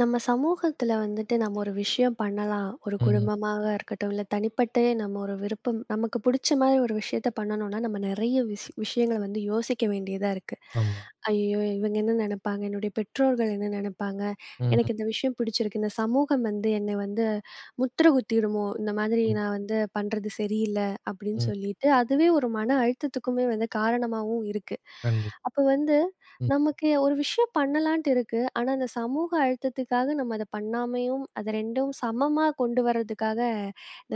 நம்ம சமூகத்துல வந்துட்டு, நம்ம ஒரு விஷயம் பண்ணலாம். ஒரு ம். குடும்பமாக இருக்கட்டும். இல்ல, தனிப்பட்ட நம்ம ஒரு விருப்பம். நமக்கு புடிச்ச மாரி ஒரு விஷயத்த பண்ணணும்னா, நம்ம நிறைய விஷ விஷயங்கள வந்து யோசிக்க வேண்டியதா இருக்கு. ஆமா. "ஐயயோ! இவங்க என்ன நினைப்பாங்க? என்னுடைய பெற்றோர்கள் என்ன நினைப்பாங்க? ம்ஹ்ம். எனக்கு இந்த விஷயம் புடிச்சிருக்கு. இந்த சமூகம் வந்து, என்ன வந்து முத்திரை குத்திருமோ! இந்த மாதிரி ம். நான் வந்து பண்றது சரியில்ல" அப்படின்னு ம். சொல்லிட்டு, அதுவே ஒரு மன அழுத்தத்துக்குமே வந்து காரணமாவும் இருக்கு. கண்டிப் அப்போ வந்து, ம். நமக்கு ஒரு விஷயம் பண்ணலான்ட்டு இருக்கு. ஆனா, அந்த சமூக அழுத்தத்துக்காக நம்ம அத பண்ணாமையும், அத 2ம் சமமா கொண்டு வரதுக்காக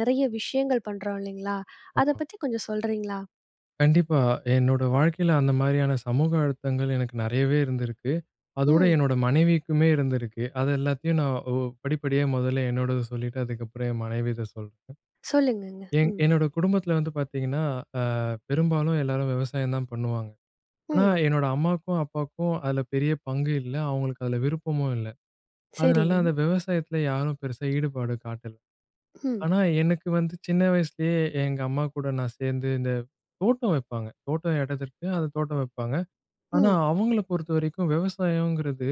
நிறைய விஷயங்கள் பண்றோம் இல்லைங்களா? அத ஆமா. பத்தி கொஞ்சம் சொல்றீங்களா? கண்டிப்பா. என்னோட வாழ்க்கையில அந்த மாதிரியான சமூக அழுத்தங்கள் எனக்கு நிறையவே இருந்திருக்கு. அதோட ம். என்னோட மனைவிக்குமே இருந்திருக்கு. அது எல்லாத்தையும் நான் ஒ படிப்படியா முதல்ல என்னோடது சொல்லிட்டு, அதுக்கப்புறம் என் மனைவியித சொல்றேன். சொல்லுங்கங்க. என் ம். என்னோட குடும்பத்தில வந்து பார்த்தீங்கன்னா, அ பெரும்பாலும் எல்லாரும் விவசாயம் தான் பண்ணுவாங்க. ஆனா, ம். என்னோட அம்மாவுக்கும், அப்பாவுக்கும் அதில பெரிய பங்கு இல்ல. அவங்களுக்கு அதுல விருப்பமும் இல்ல. அதனால சரிங்க. அந்த விவசாயத்துல யாரும் பெருசா ஈடுபாடு காட்டல. ம். ஆனா, எனக்கு வந்து சின்ன வயசுலேயே எங்க அம்மா கூட நான் சேர்ந்து இந்த தோட்டம் வைப்பாங்க. தோட்டம் எடதிருக்கு. அந்த தோட்டம் வைப்பாங்க. ஆனா, ம். அவங்கள பொறுத்தவரைக்கும், "விவசாயங்கிறது,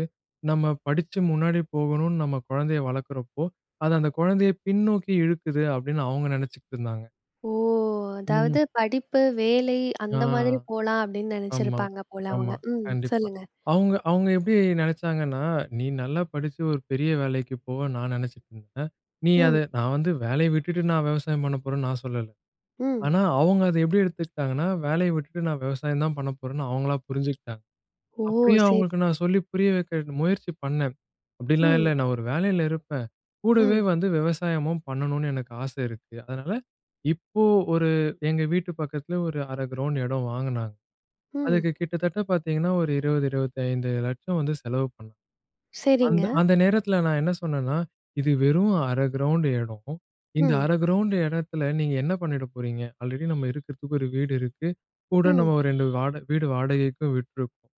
நம்ம படிச்சு முன்னாடி போகணும்னு நம்ம குழந்தைய வளர்க்கிறப்போ, அது அந்த குழந்தைய பின்னோக்கி இழுக்குது" அப்படின்னு அவங்க நினைச்சிட்டுருந்தாங்க. ஓ! அதாவது ம். படிப்பு, வேலை ஆ, அந்த மாரி போலாம், அப்டின்னு ஆமா, நினைச்சிருப்பாங்க போல அவங்க, ஆமா. ம் கண்டிப்பா. சொல்லுங்க. அவுங்க அவுங்க எப்டி நெனைச்சாங்கன்னா, "நீ நல்லா படிச்சு ஒரு பெரிய வேலைக்கு போவேன்னு நான் நெனைச்சிட்டு இருந்தேன்." நீ அதை ம். "நான் வந்து வேலையை விட்டுட்டு நான் விவசாயம் பண்ண போறேன்னு," நான் சொல்லலை. ம். ஆனா, அவுங்க அதை எப்டி எடுத்துக்கிட்டாங்கன்னா, வேலையை விட்டுட்டு நான் விவசாயம் தான் பண்ண போறேன்னு, அவுங்களா புரிஞ்சுகிட்டாங்க. ஓ! அப்டியும் சரி அவங்களுக்கு நான் சொல்லி புரிய வைக்க முயற்சி பண்ணேன். "அப்டிலாம் இல்ல ம். நான் ஒரு வேலையில இருப்பேன், கூடவே ம். வந்து விவசாயமும் பண்ணணும்னு எனக்கு ஆசை இருக்கு." அதனால இப்போ ஒரு எங்க வீட்டு பக்கத்துல ஒரு 1/2 கிரவுண்ட் இடம் வாங்கினாங்க. அதுக்கு ம். கிட்டத்தட்ட பார்த்தீங்கன்னா, ஒரு 20, 25,00,000 வந்து செலவு பண்ணணும். அந்த சரிங்க. அந்த நேரத்தில நான் என்ன சொன்னேன்னா, "இது வெறும் 1/2 கிரவுண்ட் எடம். இந்த ம். 1/2 கிரவுண்டு எடத்தில நீங்க என்ன பண்ணிட போறீங்க? ஆல்ரெடி நம்ம இருக்கிறதுக்கு ஒரு வீடு இருக்கு. கூட நம்ம ம். ஒரு 2 வாட வீடு வாடகைக்கும் விட்டுருக்கோம்."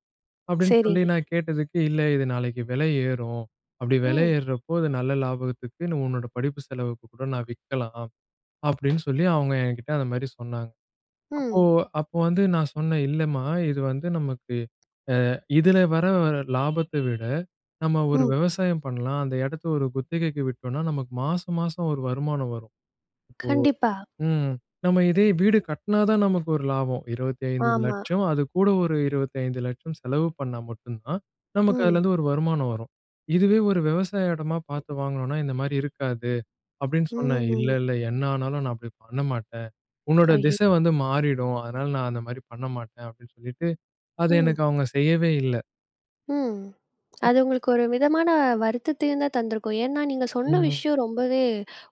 அப்டின்னு சொல்லி சரிங்க. நான் கேட்டதுக்கு, "இல்லை, இது நாளைக்கு விலை ஏறும். அப்டி வெலை ம். ஏறுறப்போ அது நல்ல லாபத்துக்கு, உன்னோட படிப்பு செலவுக்கு கூட நான் விக்கலாம்." அப்படின்னு சொல்லி அவுங்க என்கிட்ட அந்த மாரி சொன்னாங்க. அப்போ ம். அப்போ வந்து நான் சொன்னேன். "இல்லைம்மா இது வந்து நமக்கு அ இதில வர்ற லாபத்தை விட, நம்ம ஒரு ம். விவசாயம் பண்ணலாம். அந்த எடத்தை ஒரு குத்தகைக்கு விட்டோம்னா, நமக்கு மாசம், மாசம் ஒரு வருமானம் வரும். ஓ! கண்டிப்பா. ம். நம்ம இதே வீடு கட்டினா தான் நமக்கு ஒரு லாபம். இருவத்தைந்து ஆமா. லட்சம் அது கூட ஒரு 25,00,000 செலவு பண்ணா மட்டும் தான், நமக்கு ம். அதுலேருந்து ஒரு வருமானம் வரும். இதுவே ஒரு விவசாய இடமாக பார்த்து வாங்கினோம்னா, இந்த மாதிரி இருக்காது." அப்படின்னு சொன்னேன். "இல்ல, ம்ஹ்ம். இல்ல என்ன ஆனாலும் நான் அப்டி பண்ண மாட்டேன். உன்னோட ஐயோ! திசை வந்து மாறிடும். அதனால நான் அந்த மாரி பண்ண மாட்டேன்." அப்டின்னு சொல்லிட்டு அதை எனக்கு ம். அவுங்க செய்யவே இல்லை. ம். அ. அது உங்களுக்கு ஒரு விதமான வருத்தத்தையும் தான் தந்திருக்கும். ஏன்னா, நீங்க சொன்ன ம். விஷயம் ரொம்பவே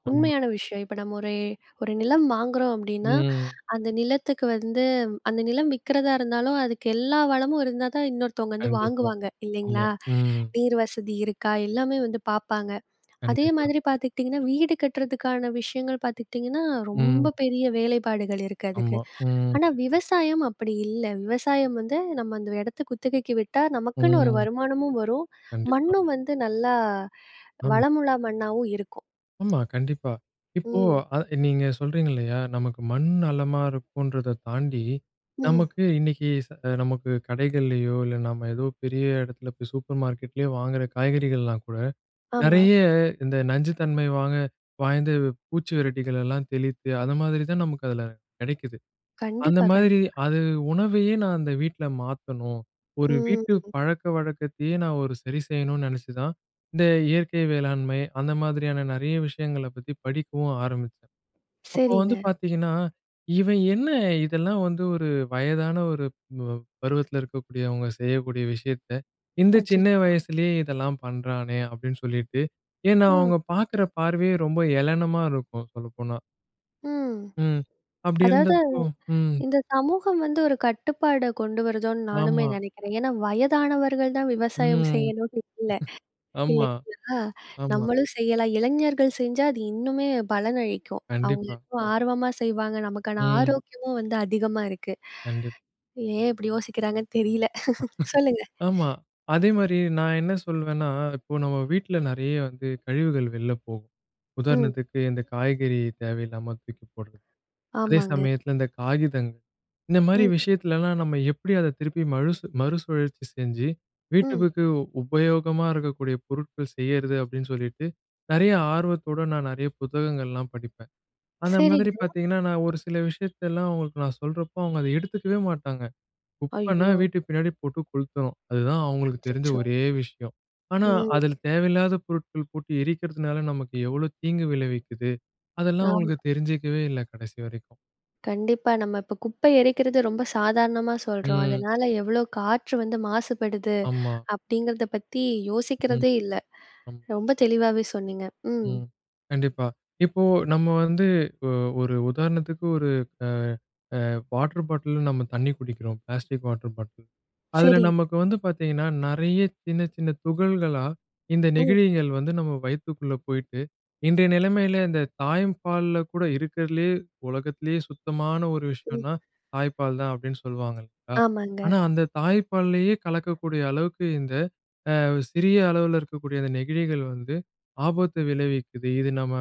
ஆமா. உண்மையான விஷயம். இப்ப நம்ம ஒரே, ஒரு நிலம் வாங்குறோம் அப்படீன்னா, ம். அந்த நிலத்துக்கு வந்து அந்த நிலம் விற்கிறதா இருந்தாலும், அதுக்கு எல்லா வளமும் இருந்தா தான் இன்னொருத்தவங்க வந்து கண்டிப்பா. வாங்குவாங்க, ஆமா, இல்லைங்களா? ம். நீர் வசதி இருக்கா? எல்லாமே வந்து பார்ப்பாங்க. அதே கண்டிப்பா. மாதிரி பார்த்துக்கிட்டீங்கன்னா, வீடு கட்டுறதுக்கான விஷயங்கள் பார்த்துக்கிட்டீங்கன்னா, ம். ரொம்ப பெரிய வேலைப்பாடுகள் இருக்கு அதுக்கு. ஆமா. ம். ஆனா, விவசாயம் அப்படி இல்ல, விவசாயம் வந்து நம்ம அந்த இடத்தை குத்தகைக்கு விட்டா நமக்குன்னு ஒரு ம். வருமானமும் வரும். கண்டிப்பா. மண்ணும் வந்து நல்லா ஆமா. வளமுள்ள மண்ணாவும் இருக்கும். ஆமா, கண்டிப்பா. இப்போ ம். அ நீங்க சொல்றீங்க இல்லையா? நமக்கு மண் நலமா இருக்கும்ன்றத தாண்டி அ. நமக்கு இன்னைக்கு ச நமக்கு கடைகள்லயோ, இல்ல நம்ம ஏதோ பெரிய இடத்துல போய் சூப்பர் மார்க்கெட்லேயோ வாங்குற காய்கறிகள்லாம் கூட ஆமா. நெறைய இந்த நஞ்சு தன்மை வாங்க வாய்ந்த பூச்சி வெரட்டிகளல்லாம் தெளித்து, அது மாதிரி தான் நமக்கு அதில கெடைக்குது. அந்த கண்டிப்பா, மாரி, கண்டிப்பா. அது உணவையே நான் அந்த வீட்ல மாத்தணும். ஒரு ம். வீட்டு பழக்கவழக்கத்தையே நா ஒரு சரி செய்யணும்ன்னு நெனைச்சுதான் இந்த இயற்கை வேளாண்மை, அந்த மாதிரியான நெறைய விஷயங்களை பத்தி படிக்கவும் ஆரம்பிச்சேன். அப்ப வந்து சரிங்க. பார்த்தீங்கன்னா, "இவன் என்ன இதெல்லாம் வந்து ஒரு வயதான ஒரு ப் அ பருவத்தில இருக்கக்கூடியவங்க செய்யக்கூடிய விஷயத்த, இந்த சின்ன அச்சச்சோ! வயசுலேயே இதெல்லாம் பண்றானே!" அப்படீன்னு சொல்லிட்டு. ஏன்னா, ம். அவங்க பார்க்குற பார்வையே ரொம்ப ஏளனமா இருக்கும், சொல்லப்போனா. ம். ம். அப்டி அதாவது இருந்தப்போ, ம். இந்த சமூகம் வந்து ஒரு கட்டுப்பாட கொண்டு வருதோன்னு நானுமே ஆமா. நெனைக்கிறேன். ஏன்னா, வயதானவர்கள் தான் ம். விவசாயம் செய்யணும்ன்னு இல்ல, ஆமா, இல்லைங்களா? ஆமா. நம்மளும் செய்யலாம். இளைஞர்கள் செஞ்சா அது இன்னுமே பலனளிக்கும். அவங்க கண்டிப்பா. இன்னும் ஆர்வமா செய்வாங்க. நமக்கான ம். ஆரோக்கியமும் வந்து அதிகமா இருக்கு. கண்டிப், ஏன் இப்படி யோசிக்கிறாங்கன்னு தெரியல. சொல்லுங்க. ஆமா. அதே மாரி நான் என்ன சொல்லுவேன்னா, இப்போ நம்ம வீட்ல நெறைய வந்து கழிவுகள் வெள்ல போகும். ம். உதாரணத்துக்கு, இந்த காய்கறி தேவையில்லாம தூக்கி போடுறது. அதே ஆமாங்க. சமயத்தில, "இந்த காகிதங்கள் இந்த மாரி ம். விஷயத்துலலாம் நம்ம எப்டி அத திருப்பி மழுசு மறுசுழற்சி செஞ்சு ம். வீட்டுகுக்கு உபயோகமா இருக்கக்கூடிய பொருட்கள் செய்றது." அப்படீன்னு சொல்லீட்டு நெறைய ஆர்வத்தோடு நான் நெறைய புத்தகங்கள்லாம் படிப்பேன். அந்த மாதிரி சரிங்க. பார்த்தீங்கன்னா, நான் ஒரு சில விஷயத்தலாம் அவங்களுக்கு நான் சொல்றப்போ, அவங்க அத எடுத்துக்கவே மாட்டாங்க. "குப்பன்னா ஐயோ! வீட்டுக்கு பின்னாடி போட்டு கொளுத்தணும்" அதுதான் அவங்களுக்கு தெரிஞ்ச அச்சச்சோ! ஒரே விஷயம். ஆனா, ம். அதில தேவையில்லாத பொருட்கள் போட்டு எரிக்கிறதுனால, நமக்கு எவ்வளோ தீங்கு விளைவிக்குது. அதெல்லாம் ஆமா. அவங்களுக்கு தெரிஞ்சுக்கவே இல்ல, கடைசி வரைக்கும். கண்டிப்பா நம்ம இப்ப குப்பை எரிக்கிறது ரொம்ப சாதாரணமா சொல்றோம். ம். அதனால எவ்வளோ காற்று வந்து மாசுபடுது ஆமா. அப்படிங்கிறத பத்தி ம். யோசிக்கிறதே இல்ல. ம். ரொம்ப தெளிவாவே சொன்னீங்க. ம். ம், கண்டிப்பா இப்போ நம்ம வந்து ஒ ஒரு உதாரணத்துக்கு ஒரு அ அ வாட்டர் பாட்டில்ல நம்ம தண்ணீ குடிக்கிறோம், பிளாஸ்டிக் வாட்டர் பாட்டில். அதில சரிங்க. நமக்கு வந்து பாத்தீங்கன்னா, நெறைய சின்ன சின்ன துகள்களா இந்த ம். நெகிழிகள் வந்து நம்ம வயித்துக்குள்ள போயிட்டு, இன்றைய நிலைமையில அந்த தாய்பால்ல கூட, "இருக்கிறதுலயே உலகத்திலயே சுத்தமான ஒரு ம். விஷயம்னா, தாய்ப்பால் தான்" அப்டின்னு சொல்லுவாங்க இல்லயா? ஆமாங்க. ஆனா அந்த தாய்ப்பால்லயே கலக்கக்கூடிய அளவுக்கு இந்த, அ சிறிய அளவில இருக்கக்கூடிய இந்த நெகிழிகள் வந்து, ஆபத்தை விளைவிக்குது. "இது நம்ம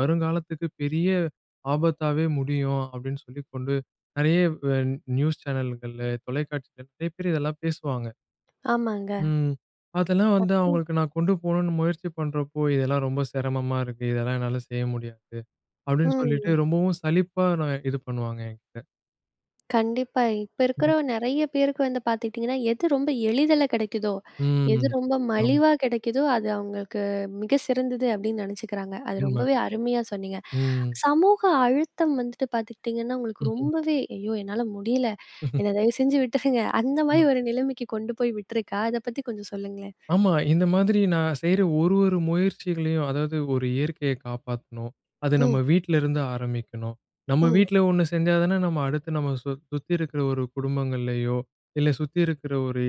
வருங்காலத்துக்கு பெரிய ஆபத்தாவே முடியும் அப்படின்னு" சொல்லி கொண்டு, நெறய வ நியூஸ் சேனல்கள்ல, தொலைக்காட்சிகள், நெறைய பேர் இதெல்லாம் பேசுவாங்க. ஆமாங்க. ம், அதெல்லாம் வந்து [unintelligible] அவுங்களுக்கு நான் கொண்டு போணும்னு முயற்சி பண்ணுறப்போ, "இதெல்லாம் ரொம்ப செரமமா இருக்கு, இதெல்லாம் என்னால செய்ய முடியாது" அப்டின்னு சொல்லிட்டு, ம். ரொம்பவும் சலிப்பா நா இது பண்ணுவாங்க என்கிட்ட. கண்டிப்பா. இப்ப இருக்கிற ம். நிறைய பேருக்கு வந்து பார்த்துக்கிட்டீங்கன்னா, எது ரொம்ப எளிதில கிடைக்குதோ, எது ம். ரொம்ப ஆமா. மலிவா கிடைக்குதோ, அது அவுங்களுக்கு மிக சிறந்தது அப்பிடின்னு நினைச்சுக்கிறாங்க. அது உண்ம. ரொம்பவே அருமையாக சொன்னீங்க. ம். சமூக அழுத்தம் வந்துட்டு பார்த்துக்கிட்டீங்கன்னா, உங்களுக்கு ம்ஹ்ம். ரொம்பவே ஐயோ! என்னால முடியல. என்ன தயவு செஞ்சு விட்டுருங்க. அந்தமாரி ம். ஒரு நிலைமைக்கு கொண்டு போய் விட்டுருக்கா, அத பத்தி கொஞ்சம் சொல்லுங்களேன். ஆமா. இந்த மாதிரி நான் செய்ற ஒரு, ஒரு முயற்சிகளையும் அதாவது ஒரு இயற்கைய காப்பாத்தணும். அத நம்ம ம். வீட்டிலருந்து ஆரம்பிக்கணும். நம்ம ம். வீட்ல ஒண்ணு செஞ்சா தானே, நம்ம அடுத்து நம்ம சு சுத்தி இருக்கிற ஒரு குடும்பங்கள்லயோ, இல்ல சுத்தி இருக்கிற ஒரு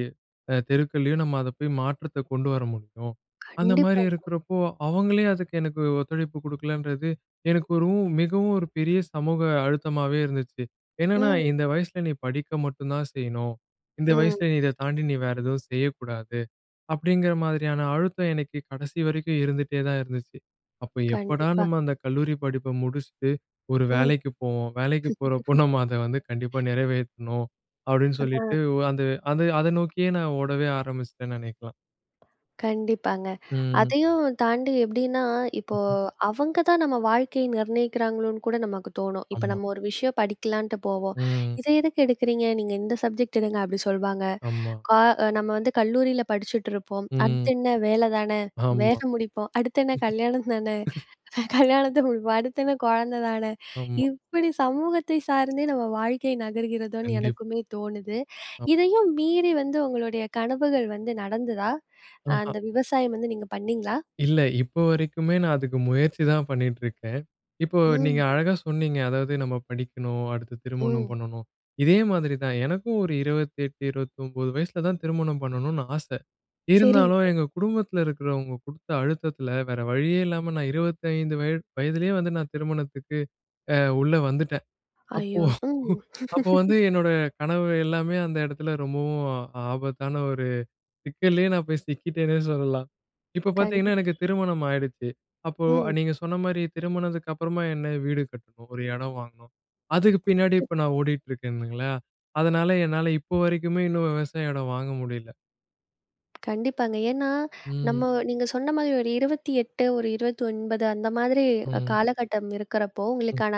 அ தெருக்கள்லயோ நம்ம அத போய் மாற்றத்த கொண்டு வர முடியும். கண்டிப்பா, அந்தமாரி இருக்கும். இருக்கிறப்போ, அவுங்களே அதுக்கு எனக்கு ஒத்துழைப்பு கொடுக்கலன்றது எனக்கு ஒரு மிகவும் ஒரு பெரிய சமூக அழுத்தமாவே இருந்துச்சு. ஏன்னா ம். நான் இந்த வயசில நீ படிக்க மட்டும் தான் செய்யணும். இந்த ம். வயசில நீ இத தாண்டி நீ வேற எதுவும் செய்யக்கூடாது, அப்பிடிங்கிற மாதிரியான அழுத்தம் எனக்கு கடைசி வரைக்கும் இருந்துட்டே தான் இருந்துச்சு. அப்போ எப்படா, கண்டிப்பா. நம்ம அந்த கல்லூரி படிப்ப முடிச்சிட்டு ஒரு ம். வேலைக்கு போவோம். வேலைக்கு போறப்போ நம்ம அத வந்து கண்டிப்பா நிறைவேற்றணும், அப்பிடின்னு அ. சொல்லிட்டு உ அந்த, அந்த அத நோக்கியே நான் ஓடவே ஆரம்பிச்சிட்டேன்னு நினைக்கலாம். கண்டிப்பாங்க. ம். அதையும் தாண்டி எப்படீன்னா, இப்போ [unintelligible] அவங்க தான் நம்ம வாழ்க்கையை நிர்ணயிக்கிறாங்களோன்னு கூட நமக்கு தோணும். இப்ப ஆமா. நம்ம ஒரு விஷயம் படிக்கலான்ட்டு போவோம். ம். "இதை எதுக்கு எடுக்கறீங்க? நீங்க இந்த சப்ஜெக்ட் எடுங்க." அப்படி சொல்வாங்க. ஆமா. கா நம்ம வந்து கல்லூரில படிச்சுட்டுருப்போம். ம். அடுத்து என்ன வேலை தான, ஆமா. வேலை முடிப்போம். அடுத்தென்ன கல்யாணம் தான, க கல்யாணத்தை முடிப்போம். அடுத்தென்ன கொழந்தை தான. ஆமா. இப்படி சமூகத்தை சார்ந்தே நம்ம வாழ்க்கை நகர்கிறதோன்னு கண்டிப் எனக்குமே தோணுது. ஆ. இதையும் மீறி வந்து உங்களுடைய கனவுகள் வந்து நடந்துதா? அ ஆஹா. அந்த விவசாயம் வந்து நீங்க பண்ணீங்களா? இல்ல, இப்ப வரைக்குமே நான் அதுக்கு முயற்சிதான் பண்ணீட்டு இருக்கேன். இப்போ நீங்க [unintelligible] அழகா சொன்னீங்க. அதாவது நம்ம படிக்கணும், அடுத்து திருமணம் ம். பண்ணனும். இதே மாதிரி தான், எனக்கும் ஒரு 28, 29 வயசுல தான் திருமணம் பண்ணணுன்னு ஆசை. இருந்தாலும் சரிங்க. எங்க குடும்பத்துல இருக்கிறவங்க குடுத்த அழுத்தத்தில வேற வழியே இல்லாம, நான் 25 வய வயதிலயே வந்து நான் திருமணத்துக்கு அ உள்ள வந்துட்டேன். அப்போ, ஐயோ! ம். அப்போ வந்து என்னோட கனவு எல்லாமே அந்த இடத்துல, ரொம்பவும் ஆபத்தான ஒரு சிக்கல்லையே நான் போய் சிக்கிட்டேன்னே சொல்லலாம். இப்ப பார்த்தீங்கன்னா, கண்டிப் எனக்கு திருமணம் ஆயிடுச்சு. அப்போ ம். நீங்க சொன்ன மாரி, திருமணத்துக்கு அப்பறமா என்ன? வீடு கட்டணும், ஒரு இடம் வாங்கணும். அதுக்கு பின்னாடி இப்ப நான் ஓடிட்டுருக்கேனுங்களா, அதனால என்னால இப்ப வரைக்குமே இன்னும் விவசாய இடம் வாங்க முடியல. கண்டிப்பாங்க. ஏன்னா, நம்ம ம். நீங்க சொன்ன மாரி ஒரு 28, ஒரு 29 அந்த மாரி ம். காலகட்டம் இருக்கறப்போ, ம். உங்களுக்கான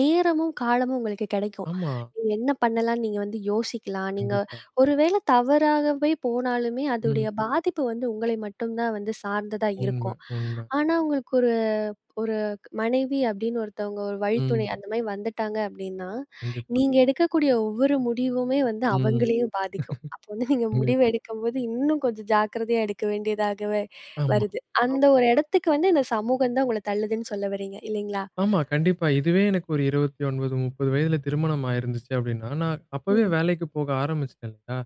நேரமும், காலமும் உங்களுக்கு கிடைக்கும். ஆமா. நீங்க என்ன பண்ணலான்னு நீங்க வந்து யோசிக்கலாம். நீங்க கண்டிப்பா. ஒருவேள தவறாகவே போனாலுமே அதுடைய ம். பாதிப்பு வந்து உங்களை மட்டும் தான் வந்து சார்ந்ததா உண்ம, இருக்கும். உண்ம. ஆனா உங்களுக்கு ஒரு, ஒரு மனைவி அப்பிடின்னு ஒருத்தவங்க, ஒரு வழித்துணை ம். அந்தமாரி வந்துட்டாங்க அப்டின்னா, கண்டிப்பா. நீங்க எடுக்கக்கூடிய ஒவ்வொரு முடிவுமே வந்து ம். அவங்களையும் பாதிக்கும். அப்ப வந்து நீங்க முடிவு [unintelligible] எடுக்கும்போது இன்னும் கொஞ்சம் ஜாக்கிரதையா எடுக்க வேண்டியதாகவே ஆமா. வருது. [unintelligible] அந்த ஒரு இடத்துக்கு வந்து இந்த சமூகம் தான் உங்கள தள்ளுதுன்னு சொல்ல வர்றீங்க இல்லேங்களா? ஆமா. கண்டிப்பா. இதுவே எனக்கு ஒரு 29, 30 வயதில திருமணம் ஆயிருந்துச்சு அப்பிடின்னா, நான் அப்பவே ம். வேலைக்கு போக ஆரம்பிச்சுட்டேன் இல்லயா!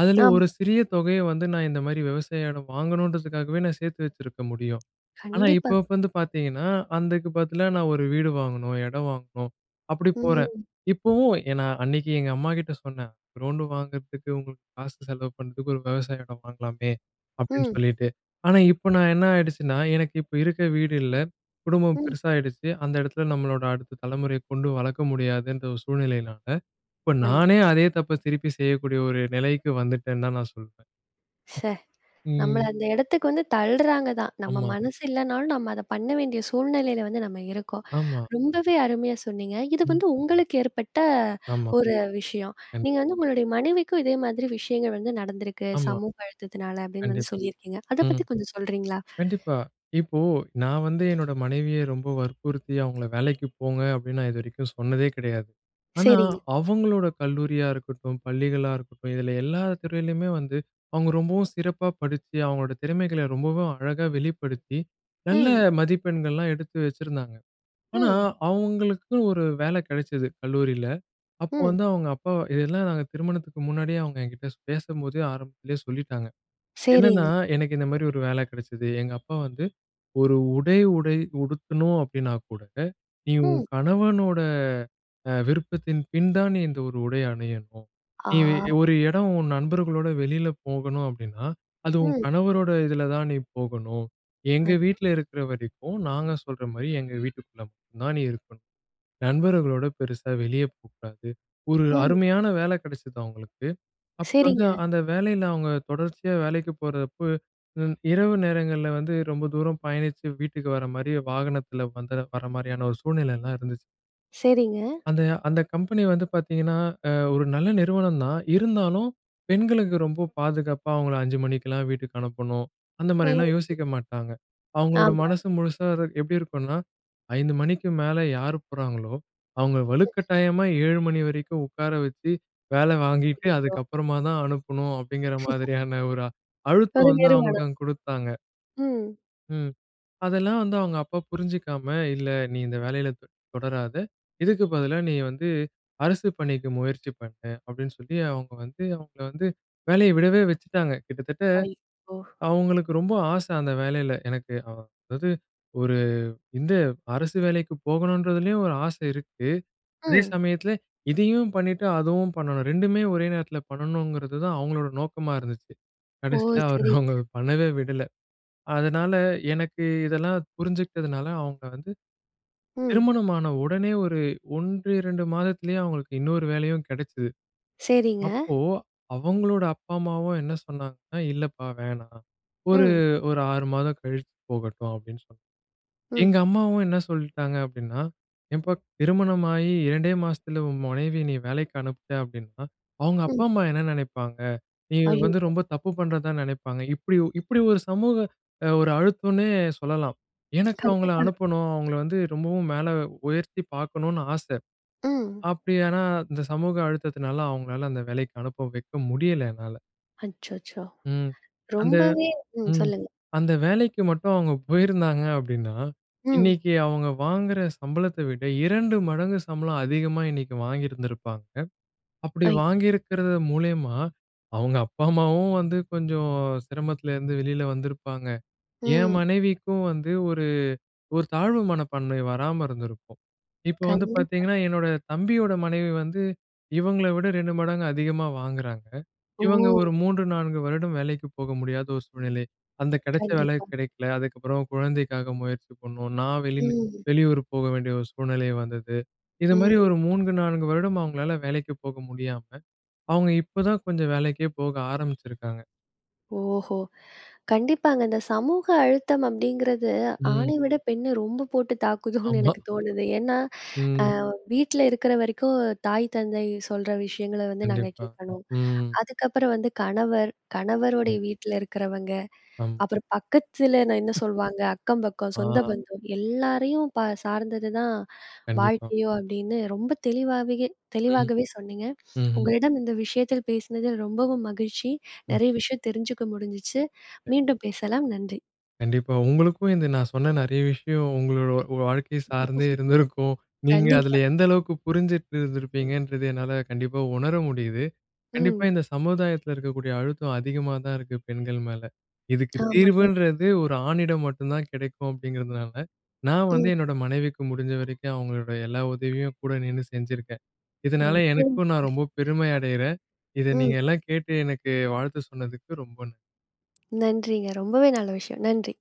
அதில ஆம். ஒரு சிறிய தொகைய வந்து நான் இந்தமாரி விவசாய இடம் வாங்கணும்ன்றதுக்காகவே நான் சேர்த்து வச்சிரக்க முடியும். ஆனா, இப்ப கண்டிப்பா. இப்ப வந்து பாத்தீங்கன்னா, அந்ததுக்கு பதிலா நான் ஒரு வீடு வாங்கணும், இடம் வாங்கணும். அப்பிடி ம். போறேன். ஹூம். இப்பவும் எ நான் அன்னக்கி எங்க அம்மாகிட்ட சொன்னேன்," க்ரௌண்ட் வாங்குறதுக்கு உங்களுக்கு காசு செலவு பண்ணுறதுக்கு ஒரு விவசாய இடம் வாங்கலாமே!" அப்டின்னு ம். சொல்லிட்டு. ஆனா, இப்ப நான் என்ன ஆயிடுச்சுன்னா, எனக்கு இப்ப இருக்க வீடு இல்ல. குடும்பம் ம். பெருசாயிடுச்சு. அந்த இடத்துல நம்மளோட அடுத்த தலைமுறைய கொண்டு வளக்க முடியாதுன்ற ஒரு சூழ்நிலையினால, இப்ப ஐயோ! நானே அதே தப்ப திருப்பி செய்யக்கூடிய ஒரு நிலைக்கு வந்துட்டேந்தான் தான் நான் சொல்வேன். ச்சே! நம்மள ம். அந்த இடத்துக்கு வந்து தள்றாங்க தான். நம்ம ஆமா. மனசு இல்லனாலும், நம்ம அத பண்ண வேண்டிய சூழ்நிலையில வந்து நம்ம இருக்கோம். ஆமா. ரொம்பவே அருமையா சொன்னீங்க. இது ம். வந்து உங்களுக்கு ஏற்பட்ட ஆமா. ஒரு விஷயம். கண்டிப்பா. நீங்க வந்து உங்களுடைய மனைவிக்கும் இதே மாதிரி விஷயங்கள் வந்து நடந்திருக்கு. ஆமா. சமூக அழுத்தத்தினால அப்பிடின்னு வந்து கண்டிப்பா. சொல்லியிருக்கீங்க. அத ம், பத்தி கொஞ்சம் சொல்றீங்களா? கண்டிப்பா. இப்போ நான் வந்து என்னோட மனைவிய ரொம்ப வற்புறுத்தி அவங்கள வேலைக்கு போங்க அப்டின்னு நான் இதுவரைக்கும் சொன்னதே கிடையாது. ஆனா சரிங்க. அவுங்களோட கல்லூரியா இருக்கட்டும், பள்ளிகளா இருக்கட்டும். இதுல எல்லா துறையிலேயுமே வந்து அவுங்க ரொம்பவும் சிறப்பாக படிச்சு அவுங்களோட திறமைகள ரொம்பவும் அழகா வெளிப்படுத்தி நல்ல ம். மதிப்பெண்கள்லாம் எடுத்து வச்சிருந்தாங்க. ஆனா, ம். அவுங்களுக்குன்னு ஒரு வேலை கிடைச்சது கல்லூரில. அப்போ ம். வந்து அவுங்க அப்பா இதெல்லாம் திருமணத்துக்கு முன்னாடியே அவுங்க என்கிட்ட ஸ் பேசும்போதே ஆரம்பத்திலேயே சொல்லிட்டாங்க. என்னன்னா, சரிங்க. "எனக்கு இந்தமாரி ஒரு வேல கிடைச்சது. எங்க அப்பா வந்து ஒரு உடை உடை உடுத்தணும் அப்டினாகூட நீ உன் ம். கணவனோட அ விருப்பத்தின் பின்தான் நீ இந்த ஒரு உடை அணியணும். ஆ. நீ வே ஒரு இடம் உன் நண்பர்களோட வெளில போகணும் அப்டின்னா, அது உன் ம். கணவரோட இதுல தான் நீ போகணும். எங்க [unintelligible] வீட்ல இருக்கற வரைக்கும் நாங்க சொல்றமாரி எங்க வீட்டுக்குள்ள மட்டும் தான் நீ இருக்கணும். நண்பர்களோட பெருசா வெளிய போ கூடாது." ஒரு ம். அருமையான வேலை கிடைச்சது அவுங்களுக்கு. அப்போ வந்து சரிங்க. அந்த வேலையில அவுங்க தொடர்ச்சியா வேலைக்கு போறப்ப! ம் இரவு நேரங்கள்ல வந்து ரொம்ப தூரம் பயணிச்சு வீட்டுக்கு வரமாரியே வாகனத்தில வந்த வர மாரியான ஒரு சூழ்நிலைலாம் இருந்துச்சு. சரிங்க. அந்த அந்த கம்பெனி வந்து பார்த்தீங்கன்னா, அ ஒரு நல்ல நிறுவனம் தான். இருந்தாலும் பெண்களுக்கு ரொம்ப பாதுகாப்பா, அவுங்கள 5:00 மணிக்கெல்லாம் வீட்டுக்கு அனுப்பணும். அந்த மாரில்லாம் [unintelligible] யோசிக்க மாட்டாங்க. அவங்களோட ஆமா. மனசு முழுசா இரு எப்படி இருக்கும்ன்னா, "5:00 மணிக்கு மேல யார் போறாங்களோ, அவுங்கள வலுக்கட்டாயமா 7:00 மணி வரைக்கும் உட்கார வச்சு வேலை வாங்கீட்டு, அய்யய்யோ! அதுக்கப்பறமா தான் அனுப்பணும்." அப்படீங்கிற மாதிரியான ஒரு அழுத்தம் வந்து, [unintelligible] அவங்களுக்கு அங்க குடுத்தாங்க. ம். ம். அதெல்லாம் வந்து அவுங்க அப்பா புரிஞ்சிக்காம, "இல்ல நீ இந்த வேலையில தொ தொடராத, இதுக்கு பதிலா நீ வந்து அரசு பணிக்கு முயற்சி பண்ணு." அப்படீன்னு சொல்லி அவுங்க வந்து, அவுங்கள வந்து வேலைய விடவே வச்சுட்டாங்க. கிட்டத்தட்ட ஐயோ! அவுங்களுக்கு ரொம்ப ஆசை அந்த வேலையில. எனக்கு அ அ அதாவது, ஒரு இந்த அரசு வேலைக்கு போகணுன்றதுலேயும் ஒரு ஆசை இருக்கு. அதே ம். சமயத்தில இதையும் பண்ணிட்டு, அதுவும் பண்ணணும். 2மே ஒரே நேரத்தில பண்ணணுங்கிறது தான் அவுங்களோட நோக்கமா இருந்துச்சு. ஓ! கடைசியில அவரு சரிங்க. அவங்கள பண்ணவே விடல. அதனால எனக்கு இதெல்லாம் புரிஞ்சுகிட்டதுனால, அவுங்கள வந்து ம். திருமணம் ஆன உடனே ஒரு 1, 2 மாதத்திலேயே அவங்களுக்கு இன்னொரு வேலையும் கெடைச்சது. சரிங்க. அப்போ அவங்களுடைய அப்பா, அம்மாவும் என்ன சொன்னாங்கன்னா, "இல்லப்பா வேணாம். ஒரு ம். ஒரு 6 மாதம் கழிச்சு போகட்டும்." அப்படீன்னு சொன்னாங்க. எங்க ம். அம்மாவும் என்ன சொல்லிட்டாங்க அப்படீன்னா, "ஏம்பா திருமணமாயி 2டே மாசத்தில உன் மனைவியை நீ வேலைக்கு அனுப்பிட்ட அப்படீன்னா, அவுங்க அப்பா, ம். அம்மா என்ன நெனைப்பாங்க? நீ அய்யயோ! வந்து ரொம்ப தப்பு பண்றதா நெனைப்பாங்க." இப்படி ஒ இப்படி ஒரு சமூக அ ஒரு அழுத்தம்ன்னே சொல்லலாம். எனக்கு அவுங்கள கண்டிப்பா. அனுப்பணும், அவுங்கள வந்து ரொம்பவும் மேல உயர்த்தி பார்க்கணும்ன்னு ஆசை. ம். அப்படி ஆனா இந்த சமூக அழுத்தத்தினால, அவங்கள அந்த வேலைக்கு அனுப்ப வைக்க முடியல என்னால. அச்சச்சோ, ம். அந்த ரொம்பவே ம் ம். சொல்லுங்க. அந்த வேலைக்கு மட்டும் அவங்க போயிருந்தாங்க அப்படீன்னா, ம். இன்னைக்கு அவங்க வாங்குற சம்பளத்த விட 2 மடங்கு சம்பளம் அதிகமா இன்னைக்கு வாங்கியிருந்திருப்பாங்க. அப்படி ஐ வாங்கியிருக்கிறது மூலியமா, அவங்க அப்பா அம்மாவும் வந்து கொஞ்சம் சிரமத்துல இருந்து வெளியில வந்திருப்பாங்க, என் ம். மனைவிக்கும் வந்து ஒரு, ஒரு தாழ்வு மனப்பான்மை வராம இருந்திருக்கும். இப்போ வந்து கண்டிப்பா. பார்த்தீங்கன்னா, என்னோட தம்பியோட மனைவி வந்து, இவங்கள விட 2 மடங்கு அதிகமா வாங்குறாங்க, இவங்க ஓ! ஒரு 3 4 வருடம் வேலைக்கு போக முடியாத ஒரு சூழ்நிலை, அந்த கிடைச்ச வேலை கண்டிப்பா. கிடைக்கல. அதுக்கப்புறம் குழந்தைக்காக முயற்சி பண்ணோம். நான் வெளி ம். வெளியூர் போக வேண்டிய ஒரு சூழ்நிலை வந்தது, இதுமாரி ம். ஒரு 3 4 வருடம் அவங்களால வேலைக்கு போக முடியாம, அவங்க இப்போ தான் கொஞ்சம் வேலைக்கே போக ஆரம்பிச்சிருக்காங்க! ஓஹோ! கண்டிப்பாங்க இந்த சமூக அழுத்தம் அப்படிங்கிறது ஆண ம். விட பெண்ண ரொம்ப போட்டு தாக்குதோன்னு ஆமா. எனக்கு தோணுது. ஏன்னா, அ ம். வீட்ல இருக்கிற வரைக்கும் தாய், தந்தை சொல்ற விஷயங்கள வந்து நாங்க கண்டிப்பா. கேட்கணும். ம். அதுக்கப்புறம் வந்து கணவர், கணவருடைய வீட்டுல இருக்கிறவங்க, [unintelligible] அப்புறம் பக்கத்துல என்ன சொல்வாங்க, அக்கம் பக்கம், ஆ. சொந்த பந்தம், எல்லாரையும் ப சார்ந்தது தான் கண்டிப்பா. வாழ்க்கையோ அப்படின்னு ரொம்ப தெளிவாவே ம், தெளிவாகவே சொன்னீங்க, ம்ஹ்ம். உங்களிடம் இந்த விஷயத்தில் பேசினதில் ரொம்பவும் மகிழ்ச்சி, நிறைய விஷயம் தெரிஞ்சுக்க முடிஞ்சிச்சு, மீண்டும் பேசலாம் நன்றி. கண்டிப்பா, உங்களுக்கும் இந்த நான் சொன்ன நிறைய விஷயம், உங்களோட வாழ்க்கை சார்ந்தே இருந்திருக்கும். நீங்க கண்டிப்பா. அதுல எந்த அளவுக்கு புரிஞ்சுக்கிட்டு இருந்துருப்பீங்கன்றது என்னால கண்டிப்பா உணர முடியுது. கண்டிப்பா ம். இந்த சமுதாயத்துல இருக்கக்கூடிய அழுத்தம் அதிகமா தான் இருக்கு பெண்கள் மேல. இதுக்கு ஆமாங்க. தீர்வுன்றது ஒரு ஆணிடம் மட்டும் தான் கிடைக்கும் அப்படிங்கிறதுனால, நான் வந்து ம். என்னோட மனைவிக்கு முடிஞ்ச வரைக்கும் அவங்களோட எல்லா உதவியும் கூட நின்னு செஞ்சிருக்கேன். இதுனால ரொம்ப எனக்கும் நான் ரொம்ப [unintelligible] பெருமை அடையறேன், இதை ம். நீங்க எல்லாம் கேட்டு எனக்கு வாழ்த்து சொன்னதுக்கு ரொம்ப ந நன்றிங்க, ரொம்பவே நல்ல விஷயம். நன்றி.